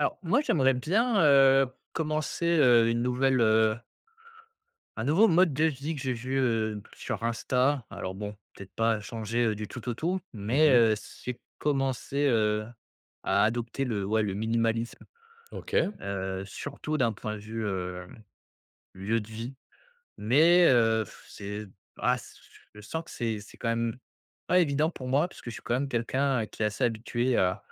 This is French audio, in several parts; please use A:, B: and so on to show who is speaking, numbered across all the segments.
A: Alors moi j'aimerais bien, heu, commencer, heu, une nouvelle, heu un nouveau mode de vie que j'ai vu, heu, b sur Insta. Alors bon, peut-être pas changer, heu, du tout au tout,
B: Mmh
A: mais,
B: mh.
A: heu, c'est commencer, heu, à adopter le ouais le minimalisme.
B: OK.
A: Heu, surtout d'un point de vue, hem, lieu de vie. Mais heu, f c'est ah s je sens que c'est c'est quand même pas évident pour moi, parce que je suis quand même quelqu'un qui est assez habitué à,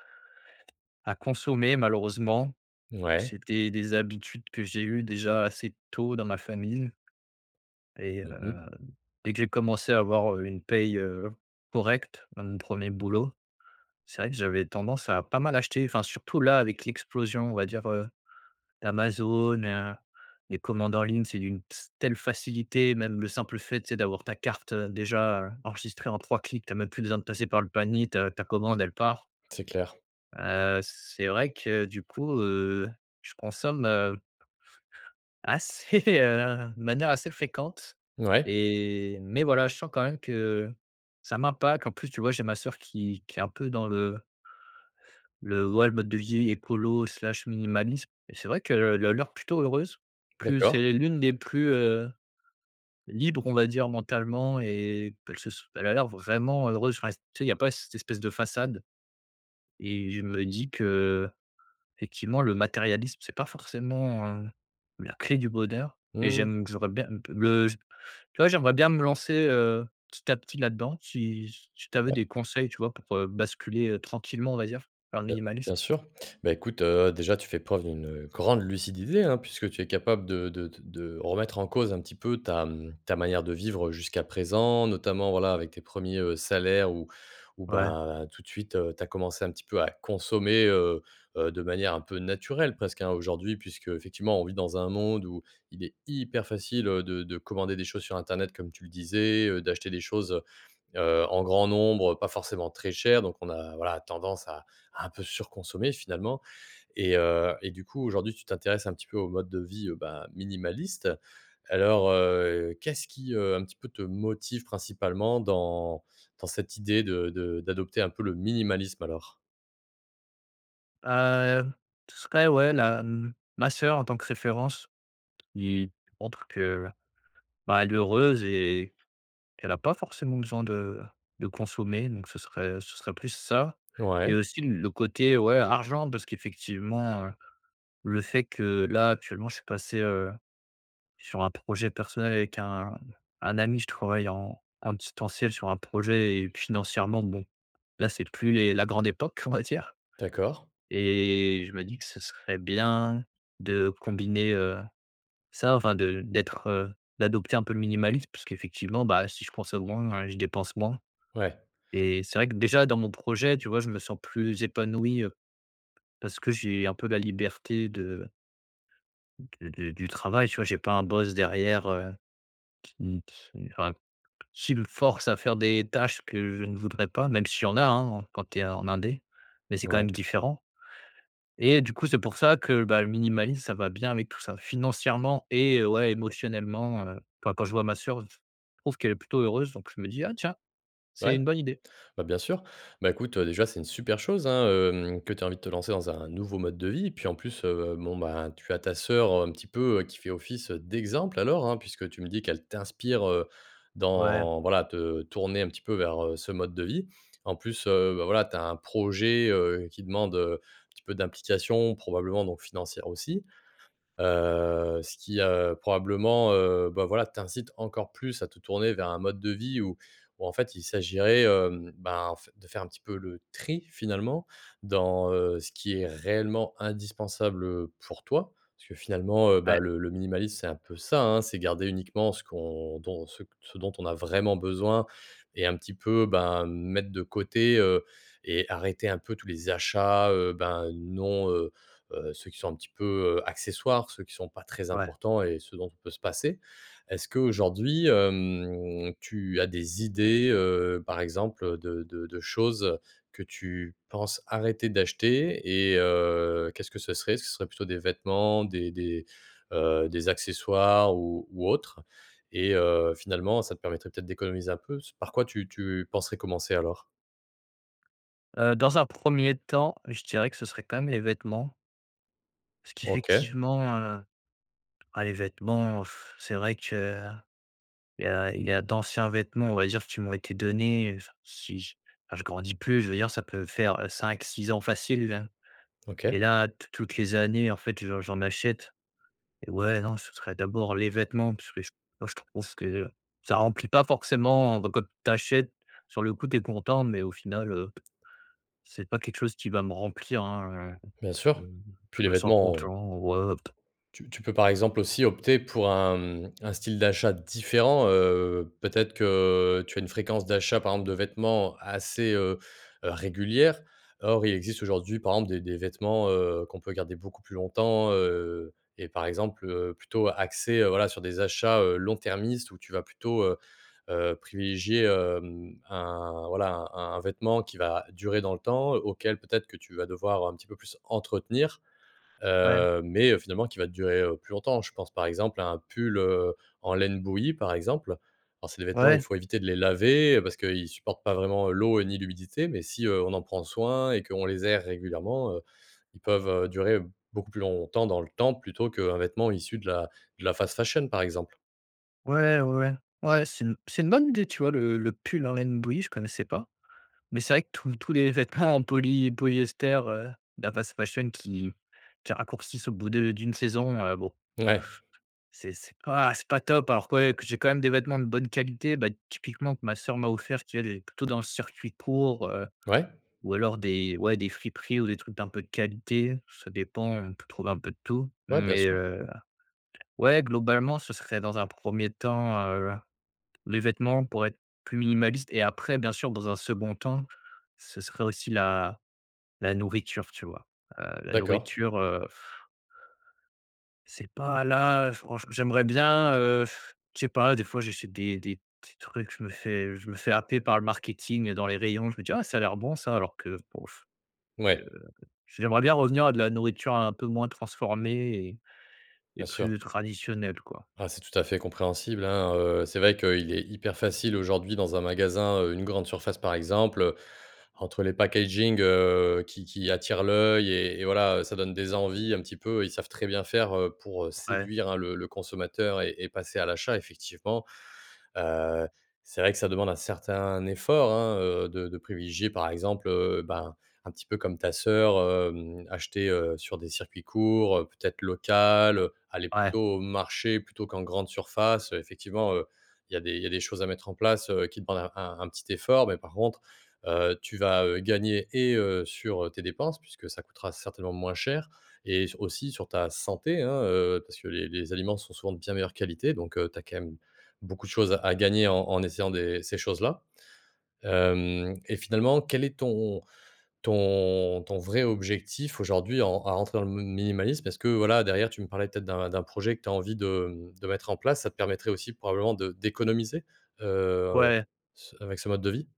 A: à consommer malheureusement.
B: Mouais.
A: C'étaient des habitudes que j'ai eu déjà assez tôt dans ma famine. Et
B: Mmh mh.
A: heu, dès que j'ai commencé à avoir, heu, une paye, heu, correcte dans mon premier boulot, c'est vrai que j'avais tendance à pas mal acheter, enfin surtout là, avec l'explosion, on va dire, heu, d'Amazon, heu, les commandes en ligne, c'est d'une s telle facilité. Même le simple fait, tu sais? D'avoir ta carte, heu, déjà enregistrée en 3 clics. Tu as même plus besoin de passer par le panier. Ta ta commande, elle part.
B: C'est clair.
A: Heu, c'est vrai que du coup, heu, je consomme, heu assez, heu, de manière assez fréquente,
B: Mouais.
A: et mais voilà je sens quand même que ça m'impacte. En plus tu vois? J'ai ma sœur qui qui est un peu dans le le ouais le mode de vie écolo slash minimaliste, et c'est vrai qu'elle a l'air plutôt heureuse. Plus
B: D'accord.
A: c'est l'une des plus, heu, libre on va dire mentalement, et p elle se s elle a l'air vraiment heureuse. Enfin tu sais? Il y a pas cette espèce de façade. Et je me dis que effectivement, le matérialisme, c'est pas forcément, heu, la clé du bonheur et
B: Mmh.
A: j'aime j'aurais bien le j tu vois? J'aimerais bien me lancer, heu, petit à petit là-dedans. Si si tu avais
B: Bah
A: des conseils, tu vois? Pour heu, basculer, heu, tranquillement, on va dire vers le
B: Heu,
A: minimalisme.
B: bien sûr. Bah, écoute, heu, déjà tu fais preuve d'une, heu, grande lucidité hein, puisque tu es capable de de te de remettre en cause un petit peu ta, mmh, ta manière de vivre, heu, jusqu'à présent. Notamment voilà, avec tes 1ers heu, salaires ou ou
A: Ouais.
B: bah, tout de suite, heu, tu as commencé un petit peu à consommer, heu, heu, de manière un peu naturelle presque hein, aujourd'hui. Puisque effectivement, on vit dans un monde où il est hyper facile, heu, de de commander des choses sur Internet, comme tu le disais, heu, d'acheter des choses, heu, heu, en grand nombre, heu, pas forcément très chères. Donc on a voilà, tendance à à un peu surconsommer finalement. Et heu, et du coup, aujourd'hui, tu t'intéresses un petit peu au mode de vie heu, bah, minimaliste. Alors heu, qu'est-ce qui heu, un petit peu te motive principalement dans dans cette idée de de d'adopter un peu le minimalisme alors?
A: Hem, ce serait ouais la, hem, ma sœur en tant que référence, qui montre que bah, elle est heureuse et qu'elle a pas forcément besoin de, de consommer, donc ce serait, heu, ce serait plus ça. Et
B: Ouais.
A: aussi le côté ouais, argent parce qu'effectivement, heu, le fait que là actuellement je suis passé, heu, sur un projet personnel avec un un ami. Je travaille en en distanciel sur un projet et puis financièrement bon, là, c'est plus les la grande époque, on va dire.
B: D'accord.
A: Et je me dis que ce serait bien de combiner, heu, ça, enfin de d'être, heu, d'adopter un peu le minimalisme parce qu'effectivement, bah, si je consomme moins, je dépense moins.
B: Ouais.
A: Et c'est vrai que déjà dans mon projet, tu vois? Je me sens plus épanoui heu, parce que j'ai un peu la liberté de de de du travail, tu vois? J'ai pas un boss derrière, heu, qui qui enfin s'il force à faire des tâches que je ne voudrais pas, même si il y en a hein, en quand tu es en indé, mais c'est quand
B: Ouais.
A: même différent. Et du coup, c'est pour ça, que bah, le minimalisme, ça va bien avec tout ça. Financièrement et, ouais émotionnellement, heu. Quand quand je vois ma sœur, heu f je trouve qu'elle est plutôt heureuse, donc je me dis: «Ah tiens, c'est
B: Ouais,
A: une bonne idée.».
B: bah, bien sûr. Bah, écoute, heu, déjà, c'est une super chose hein, hem, que tu aies envie de te lancer dans un nouveau mode de vie. Et puis en plus, heu, bon ben, tu as ta sœur un petit peu, heu, qui fait office heu, d'exemple alors hein, puisque tu me dis qu'elle t'inspire heu,
A: Ouais.
B: dans, voilà, te tourner un petit peu vers, heu, ce mode de vie. En plus, heu, bah, voilà, tu as un projet, heu, qui demande heu, un petit peu d'implication, probablement donc financière aussi. Heu, ce qui heu, probablement, heu, bah, voilà, t'incite encore plus à te tourner vers un mode de vie où où en fait, il s'agiraitn hem, ben en f de faire un petit peu le tri finalement dans, heu, ce qui est réellement indispensable, heu, pour toi. Parce que finalement, heu,
A: Ouais.
B: bah, le le minimalisme, c'est un peu ça, hein, c'est garder uniquement ce qu'on dont ce q ce dont on a vraiment besoin et un petit peu ben, mettre de côté heu, et arrêter un peu tous les achats, heu, ben, non, heu, heu, ceux qui sont un petit peu, heu, accessoires, ceux qui sont pas très
A: Ouais.
B: importants et ceux dont on peut se passer. Est-ce qu'aujourd'hui, hem, tu as des idées, heu, par exemple, heu, de de de choses que tu penses arrêter d'acheter? Et heu, qu'est-ce que ce serait? Ce seraient plutôt des vêtements, des des, heu, des accessoires ou ou autre? Et heu, finalement ça te permettrait peut-être d'économiser un peu. S par quoi tu tu penserais commencer alors?
A: Heu, dans un 1er temps, je dirais que ce serait quand même les vêtements. Ce
B: OK.
A: qu'effectivement, heu, ah les vêtements, c'est vrai que il y a il y a d'anciens vêtements on va dire qui m'ont été donnés, heu, si j enfin je grandis plus je veux dire ça peut faire 5-6 ans facile.
B: OK.
A: Et là tou toutes les années en fait j'en j'en achète et ouais non ce serait d'abord les vêtements parce que j moi je trouve que, ça remplit pas forcément, enfin, quand tu achètes sur le coup tu es content mais au final, heu, c'est pas quelque chose qui va me remplir hein, heu,
B: Bien
A: je
B: sûr, puis les
A: je me sens
B: vêtements, heu
A: content ouais p
B: tu tu peux, par exemple, aussi opter pour un, mmh, un style d'achat différent, heu. Peut-être que tu as une fréquence d'achat, par exemple, de vêtements assez, heu heu régulière. Or, il existe aujourd'hui, par exemple, des des vêtements, heu, qu'on peut garder beaucoup plus longtemps, heu, et, par exemple, heu, plutôt axer, heu, voilà, sur des achats, heu, long-termistes, où tu vas plutôt, heu heu, privilégier, hem, un, voilà, un un vêtement qui va durer dans le temps, auquel peut-être que tu vas devoir un petit peu plus entretenir,
A: Ouais.
B: heu, mais, heu, finalement, qui va durer, heu, plus longtemps. Je pense, par exemple, à un pull, heu, en laine bouillie, par exemple. Alors, c'est des vêtements, il
A: Ouais.
B: faut éviter de les laver parce que il supporte pas vraiment l'eau ni l'humidité, mais si, heu, on en prend soin et qu'on les aère régulièrement, heu, ils peuvent durer beaucoup plus longtemps dans le temps, plutôt qu'un vêtement issu de la de la fast fashion, par exemple.
A: Ouais, ouais, ouais, ouais c'est une c'est une bonne idée tu vois le le pull en laine bouillie je connaissais pas. Mais c'est vrai que tous tous les vêtements en poly polyester, heu, de la fast fashion qui qui raccourcissent au bout de d'une saison, heu, bon.
B: Ouais.
A: C'est c'est pas c'est pas top. Alors que ouais que j'ai quand même des vêtements de bonne qualité, bah, typiquement que ma soeur m'a offert qui elle est plutôt dans le circuit court, heu,
B: Ouais.
A: ou alors des ouais des friperies ou des trucs d'un peu de qualité, ça dépend, on peut trouver un peu de tout.
B: Ouais, bien
A: Mais,
B: sûr.
A: heu, ouais globalement ce serait dans un premier temps, heu, les vêtements pourraient être plus minimalistes et après bien sûr dans un second temps, ce serait aussi la la nourriture tu vois? Heu, la
B: D'accord.
A: nourriture, heu C'est pas là, heu, franche j'aimerais bien, heu,, je sais pas des fois j'essaie des des petits trucs, je me fais je me fais happer par le marketing dans les rayons. Je me dis: «Ah ça a l'air bon ça.» alors que bof, je
B: Ouais.
A: j'aimerais bien revenir à de la nourriture un peu moins transformée et, et
B: Bien sûr.
A: plus traditionnelle quoi.
B: Ah, c'est tout à fait compréhensible, hein. Heu, c'est vrai qu'il est hyper facile, aujourd'hui, dans un magasin, heu, une grande surface, par exemple. Entre les packagings, heu, qui qui attirent l'œil et et, voilà, ça donne des envies, un petit Ils savent très bien faire, heu, pour
A: Ouais.
B: séduire, hein, le le consommateur et et passer à l'achat. Effectivement, heu, c'est vrai que ça demande un certain effort, hein, heu, de de privilégier, par exemple, heu, bah, un petit peu comme ta sœur, hem, acheter, heu, sur des circuits courts, heu, peut-être local, heu, aller
A: Ouais.
B: plutôt au marché plutôt qu'en grande surface. Heu, effectivement, heu, il y a des il y a des choses à mettre en place, heu, qui demandent un un un petit effort. Mais, par contre, heu, tu vas, heu, gagner et, heu, sur tes dépenses, puisque ça coûtera certainement moins cher, et s aussi sur ta santé, hein, heu, parce que les les aliments sont souvent de bien meilleure qualité, donc, heu, tu as quand même beaucoup de choses à gagner en en essayant des ces choses-là. Hem, et finalement, quel est ton ton ton vrai objectif aujourd'hui en en rentrant dans le m minimalisme? Parce, voilà, derrière, tu me parlais peut-être d'un d'un projet que tu as envie de, mmh, de mettre en place, ça te permettrait aussi, probablement de d'économiser, heu,
A: Ouais.
B: ce avec ce mode de vie?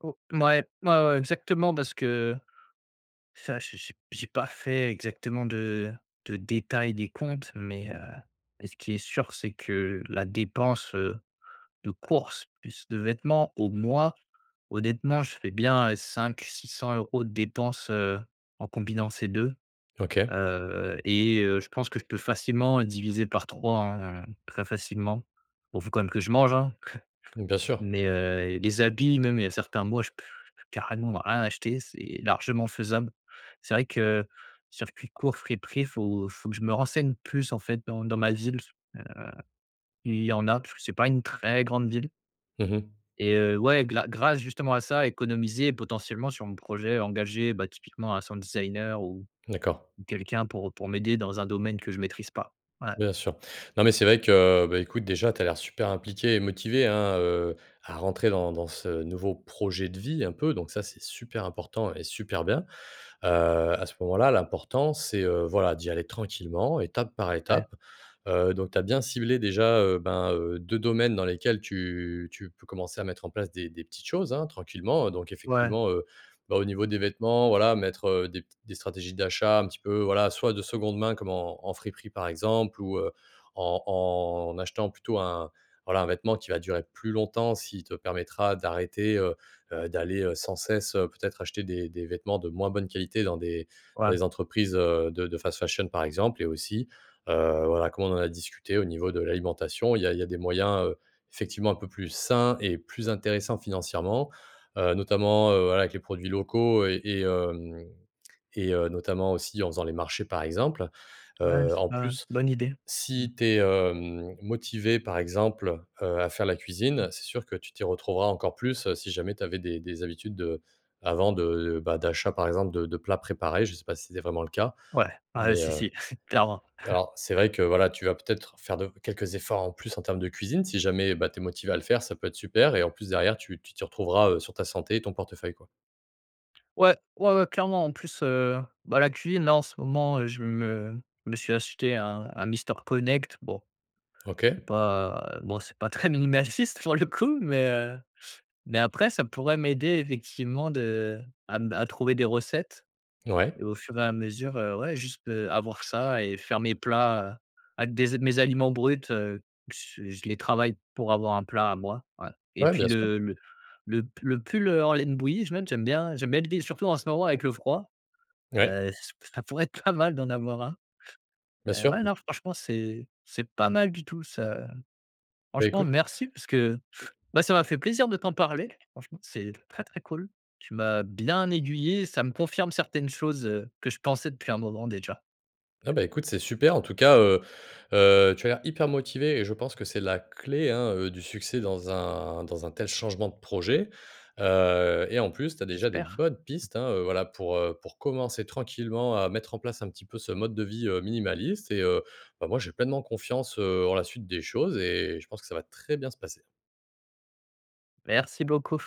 A: O mouais, mouais, ouais exactement parce que ça j'ai j'ai j'ai pas fait exactement de de détails des comptes, mais, heu, mais ce qui est sûr c'est que la dépense, heu, de course plus de vêtements au mois, honnêtement, je fais bien 5-600 € de dépenses, heu, en combinant ces 2
B: OK.
A: heu. Et heu, je pense que je peux facilement diviser par 3 hein très facilement. Bon faut quand même que je mange hein.
B: Mmh bien sûr.
A: Mais, heu, les habits même il y a certains mois je je peux carrément rien acheter, c'est largement faisable. C'est vrai que, circuit court friperie, faut faut que je me renseigne plus en fait dans dans ma ville. Heu, il y en a parce que c'est pas une très grande ville.
B: Mmh mh.
A: Et heu, ouais gla grâce justement à ça économiser potentiellement sur mon projet engager, bah, typiquement un sound designer ou,
B: D'accord.
A: ou quelqu'un pour pour m'aider dans un domaine que je maîtrise pas ouais.
B: Bien sûr, non, mais c'est vrai que, bah, écoute, déjà, tu as l'air super impliqué et motivé, hein, heu, à rentrer dans dans ce nouveau projet de vie, un peu, donc ça, c'est super important et super bien. Heu, à ce moment-là, l'important, c'est, heu, voilà, d'y aller tranquillement, étape par
A: Ouais.
B: étape. Heu, donc, tu as bien ciblé, déjà, heu, ben, heu, 2 domaines dans lesquels tu tu peux commencer à mettre en place des des petites choses, hein, tranquillement heu. Donc,
A: Ouais.
B: effectivement, heu, bah, au niveau des vêtements, voilà, mettre, heu, des p des stratégies d'achat, un petit peu, voilà, soit de 2de main, comme en en friperie, par exemple, ou, heu, en en achetant plutôt un, voilà, un vêtement qui va durer plus longtemps, s'il te permettra d'arrêter, heu heu, d'aller, heu, sans cesse, heu, peut-être, acheter des des vêtements de moins bonne qualité dans des dans
A: Ouais.
B: les entreprises, heu, de de fast fashion, par exemple. Et aussi, heu, voilà, comment on a discuté au niveau de l'alimentation, il y a il y a des moyens, heu, effectivement un peu plus sains et plus intéressants financièrement, heu, notamment, heu, voilà, avec les produits locaux et et, hem, et, heu, notamment aussi en faisant les marchés par exemple.
A: Ouais
B: Heu,
A: c'est
B: en
A: pas ouais,
B: plus,
A: bonne idée mmh.
B: si tu es, hem, motivé, par exemple, heu, à faire la
A: Mmh.
B: cuisine, c'est sûr que tu t'y retrouveras encore plus, si jamais t'avais des des habitudes de, avant, de, bah, d'achat, par exemple, de de plats préparés, je sais pas si c'est vraiment le cas,
A: Ouais, ouais
B: mais,
A: si,
B: heu.
A: si clairement.
B: Alors, c'est vrai que, voilà, tu vas peut-être faire de quelques efforts en plus en termes de cuisine. Si jamais, bah, tu es motivé à le faire, ça peut-être super, et en plus, derrière, tu tu t'y retrouveras, heu, sur ta santé et ton portefeuille, quoi.
A: Ouais, ouais, ouais, clairement en plus, heu, bah la cuisine là en ce moment, heu, je me me suis acheté un un Mister Connect bon. C'est
B: OK.
A: pas, bon c'est pas très minimaliste pour le coup, mais, heu, mais après ça pourrait m'aider effectivement de à m à trouver des recettes.
B: Ouais.
A: Et au fur et à mesure, heu, ouais juste, heu, avoir ça et faire mes plats avec des mes aliments bruts, heu, qu's je les travaille pour avoir un plat à moi ouais. Et
B: Ouais,
A: puis
B: bien sûr.
A: le le, le p le pull, heu, en laine bouillie je note j'aime bien j'aime bien l'idée surtout en ce moment avec le froid,
B: Ouais.
A: heu, ç ça pourrait être pas mal d'en avoir un.
B: Bien
A: Heu,
B: sûr.
A: ouais non franchement c'est c'est pas mal du tout ça, heu.
B: Bah,
A: Franchement
B: écoute.
A: merci parce que bah ça m'a fait plaisir de t'en parler franchement c'est très, très cool tu m'as bien aiguillé ça me confirme certaines choses, heu, que je pensais depuis un moment déjà.
B: Ah bah, écoute, c'est super. En tout cas, heu heu, tu as l'air hyper motivé et je pense que c'est la clé, hein, heu, du succès dans un dans un tel changement de projet, heu. Et en plus, tu as déjà de
A: J'espère.
B: bonnes pistes, hein, voilà, pour, heu, pour commencer tranquillement à mettre en place un petit peu ce mode de vie, heu, minimaliste et, heu, bah, moi j'ai pleinement confiance, heu, en la suite des choses et je pense que ça va très bien se passer.
A: Merci beaucoup.